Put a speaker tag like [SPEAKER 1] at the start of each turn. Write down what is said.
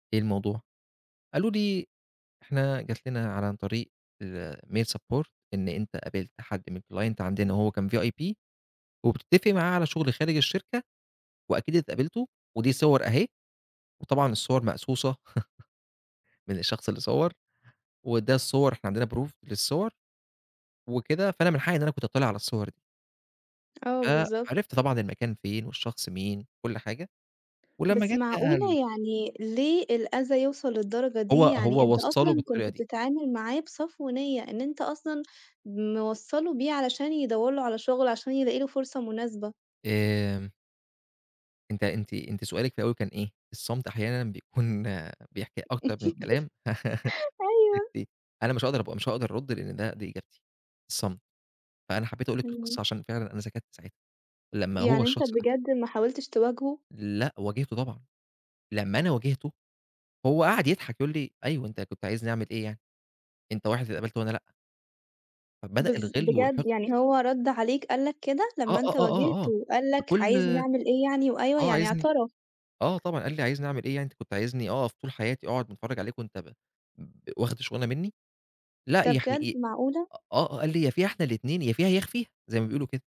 [SPEAKER 1] إيه الموضوع؟ قال له دي إحنا جات لنا ع عن طريق الmail support إن أنت قابلت حد من الclient عندنا وهو كان VIP وبتتفق معاه على شغل خارج الشركة، وأكيد اتقابلتوا، ودي صور أهي، وطبعًا الصور مقصوصة من الشخص اللي صوّر، وده الصور إحنا عندنا proof للصور وكده، فأنا من حقي إن أنا كنت أتطّلِع على الصور دي.
[SPEAKER 2] آه، بالضبط.
[SPEAKER 1] فعرفت طبعًا المكان فين، والشخص مين، و كُلّ حاجة، ولمّا
[SPEAKER 2] بس
[SPEAKER 1] جات بقى
[SPEAKER 2] معقولة!
[SPEAKER 1] ال
[SPEAKER 2] يعني ليه الأذى يوصل للدرجة
[SPEAKER 1] هو
[SPEAKER 2] دي؟ يعني
[SPEAKER 1] هو
[SPEAKER 2] أنت
[SPEAKER 1] وصَّله
[SPEAKER 2] أصلًا
[SPEAKER 1] بالطريقة
[SPEAKER 2] كنت
[SPEAKER 1] دي.
[SPEAKER 2] بتتعامل معاه بصفو نِيّة إن أنت أصلًا موصَّله بيه علشان يدوَّر له على شغل، عشان يلاقي له فرصة مناسبة.
[SPEAKER 1] آآ أنت أنتِ أنتِ سؤالِك في الأول كان إيه؟ الصمت أحيانًا بيكون بيحكي أكتر من الكلام
[SPEAKER 2] أيوه.
[SPEAKER 1] [unintelligible] أنا مش هاقدر أبقى مش هاقدر أرد لأن ده دي إجابتي، الصمت فأنا حبيت أقول لِك
[SPEAKER 2] إمم.
[SPEAKER 1] القصّة عشان فعلًا أنا سكَتّ ساعتها، لمّا هو
[SPEAKER 2] يعني أنت
[SPEAKER 1] الشخص ده
[SPEAKER 2] بجد ما حاولتش تواجهه؟
[SPEAKER 1] لأ، واجهتُه طبعًا، لمّا أنا واجهته هو قعد يضحك، يقول لي أيوه أنت كنت عايزني أعمل إيه يعني؟ أنت واحد اتقبَلت وأنا لأ. فبدأ
[SPEAKER 2] بالض
[SPEAKER 1] الغِلّ
[SPEAKER 2] بجد
[SPEAKER 1] والحقد
[SPEAKER 2] يعني هو رد عليك قال لك كده؟
[SPEAKER 1] آه،
[SPEAKER 2] لمّا
[SPEAKER 1] آه،
[SPEAKER 2] أنت
[SPEAKER 1] آه، آه، آه
[SPEAKER 2] واجهته قال لك
[SPEAKER 1] بكل
[SPEAKER 2] عايزني أعمل إيه يعني وأيوه،
[SPEAKER 1] آه،
[SPEAKER 2] يعني
[SPEAKER 1] عايزني
[SPEAKER 2] اعترف!
[SPEAKER 1] آه طبعًا، قال لي: "عايزني أعمل إيه يعني؟ أنت كنت عايزني أقف طول حياتي أقعد باتفرّج عليك وأنت ب ب واخد الشغلانة مني؟" لأ
[SPEAKER 2] ده
[SPEAKER 1] يعني
[SPEAKER 2] بجد؟
[SPEAKER 1] إ
[SPEAKER 2] معقولة!
[SPEAKER 1] آه، قال لي يا فيها إحنا الاتنين، يا فيها يا أخفيها زي ما بيقولوا كده.